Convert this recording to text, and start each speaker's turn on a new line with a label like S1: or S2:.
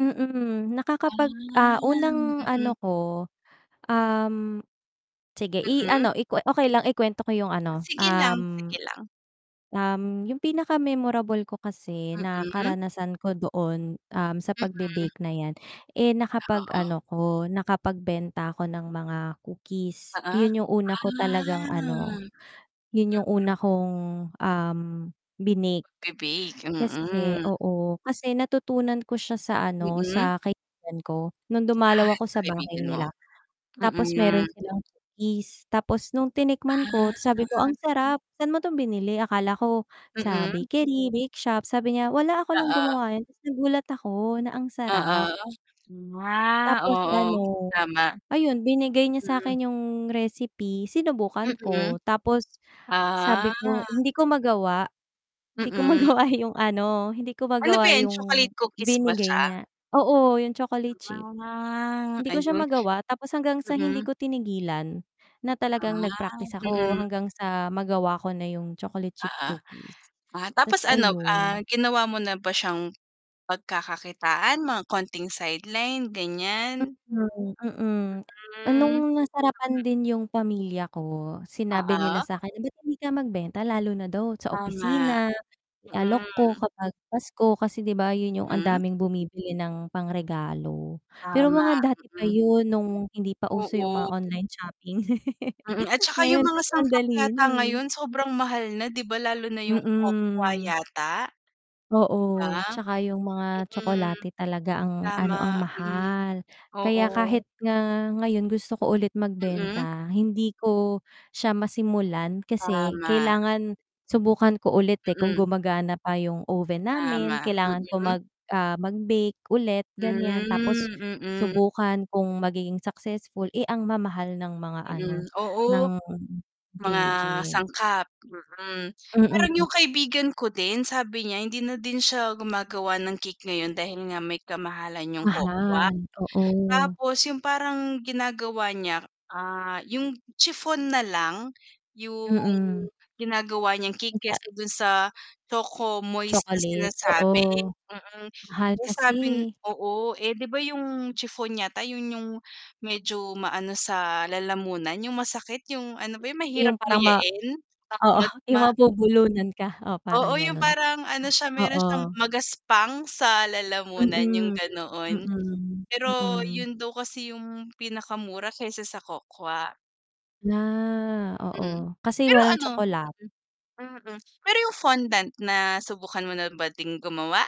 S1: Mm, nakakapag ah,
S2: Ah, hmm,
S1: unang ano
S2: mm.
S1: ko, um sige
S2: Mm.
S1: i-ano ikuwe okay lang i-kuwento ko 'yung
S2: Oh
S1: ano
S2: sige lang,
S1: um
S2: sige lang.
S1: um, 'yung pinaka memorable ko kasi na
S2: Mm.
S1: karanasan ko doon, um, sa
S2: Mm,
S1: pagbe-bake na 'yan, eh,
S2: oo.
S1: nakapag-ano ko, nakapagbenta ako ng mga
S2: Oo,
S1: cookies. 'Yun 'yung una
S2: ah
S1: ko talagang ano
S2: [unintelligible]
S1: 'yun 'yung una kong, um, binake,
S2: Bibig,
S1: kasi,
S2: mm.
S1: oo. Kasi natutunan ko siya sa ano
S2: Mm.
S1: sa kaibigan ko nung
S2: Ah,
S1: dumalaw ako
S2: sa
S1: sa bahay
S2: kaibigan mo?
S1: nila. Tapos
S2: Mm.
S1: meron silang cookies, tapos nung tinikman ko
S2: Ah.
S1: sabi ko ang sarap "sa'n mo to binili" akala ko sa
S2: Mm.
S1: bakery, bake shop, sabi niya "wala ako lang
S2: Oo.
S1: gumawa." 'yun tapos nagulat ako na ang
S2: Oo,
S1: sarap.
S2: nga.
S1: Tapos
S2: Oo,
S1: ano,
S2: tama.
S1: ayun, binigay niya
S2: Mm.
S1: sa'kin 'yung recipe sinubukan
S2: Mm,
S1: ko. Tapos sabi
S2: ah.
S1: ko hindi ko magawa, hindi ko
S2: Mm.
S1: magawa yung ano hindi ko
S2: Ano po
S1: magawa
S2: 'yan,
S1: 'yung
S2: chocolate cookies ba siya?
S1: binigay niya. Oo, 'yung chocolate chip
S2: Ah,
S1: hindi ko siya
S2: ayun.
S1: magawa tapos hanggang sa hindi
S2: Mm.
S1: ko tinigilan na talagang
S2: Ah,
S1: nag-practice ako,
S2: mm.
S1: hanggang sa magawa ko na 'yung chocolate chip
S2: Oo,
S1: cookies
S2: ah tapos
S1: ta's
S2: ano, ah,
S1: ayun.
S2: ginawa mo na ba siyang pagkakakitaan, mga konting sideline ganiyan.
S1: Mm, mm, nung
S2: Mm.
S1: nasarapan din 'yung pamilya ko, sinabi nila
S2: Oo.
S1: sa'kin "Ba't hindi ka magbenta?" Lalo na daw sa
S2: Tama,
S1: opisina, i-alok ko
S2: mm.
S1: kapag pasko, kasi 'di ba 'yun 'yung ang
S2: Hmm.
S1: daming bumibili ng pang-regalo. Pero mga
S2: Tama,
S1: dati pa
S2: mm.
S1: 'yun, nung hindi pa uso 'yung mga
S2: Oo.
S1: online shopping
S2: Mm, at saka 'yung
S1: ngayon
S2: mga
S1: kasi ang
S2: sangkap
S1: dali
S2: yata
S1: na, eh.
S2: ngayon sobrang mahal na 'di ba, lalo na 'yung cocoa
S1: Mm.
S2: yata, 'di ba.
S1: Oo, 'tsaka 'yung mga
S2: Mm,
S1: tsokolate talaga ang ano ang
S2: tama, mm,
S1: mahal. Kaya kahit
S2: oo.
S1: nga ngayon gusto ko ulit
S2: Mm.
S1: magbenta hindi ko siya masimulan. Kasi
S2: Tama.
S1: kailangan subukan ko ulit, eh, kung
S2: Mm.
S1: gumagana pa 'yung oven namin,
S2: Tama,
S1: kailangan ko
S2: mm.
S1: mag, ah, mag-bake ulit ganiyan, tapos
S2: Hmm, mm.
S1: subukan kung magiging successful. Eh, ang mamahal ng mga ano
S2: Mm,
S1: ng
S2: oo. Mga
S1: ingredient.
S2: sangkap, mm. Parang
S1: Mm.
S2: 'yung kaibigan ko din sabi niya hindi na din siya gumagawa ng cake ngayon dahil nga may kamahalan 'yung cocoa
S1: Mahal, oo.
S2: Tapos 'yung parang ginagawa niya, ah, 'yung chiffon na lang, 'yung
S1: Mm.
S2: ginagawa niyang cake kesa
S1: [unintelligible]
S2: dun sa choco moist na
S1: Chocolate,
S2: sinasabi,
S1: oo.
S2: mm.
S1: Mahal
S2: Eh,
S1: kasi,
S2: sabi n
S1: eh.
S2: oo, eh, 'di ba, 'yung chiffon yata 'yun 'yung medyo maano sa lalamunan, 'yung masakit, 'yung ano ba 'yung
S1: 'Yung
S2: mahirap
S1: parang ma
S2: nguyain,
S1: oo, 'yung mabubulunan ka, oo, parang
S2: Oo 'yung
S1: gano'n,
S2: parang ano siya meron siyang
S1: oo.
S2: magaspang sa lalamunan 'yung
S1: Mm,
S2: ganoon.
S1: mm,
S2: Pero
S1: mm.
S2: 'yun daw kasi 'yung pinakamura kesa sa cocoa.
S1: Na
S2: Mm,
S1: oo, kasi
S2: pero
S1: walang
S2: ano,
S1: tskololat
S2: mm, pero 'yung fondant na subukan mo na ba ding gumawa?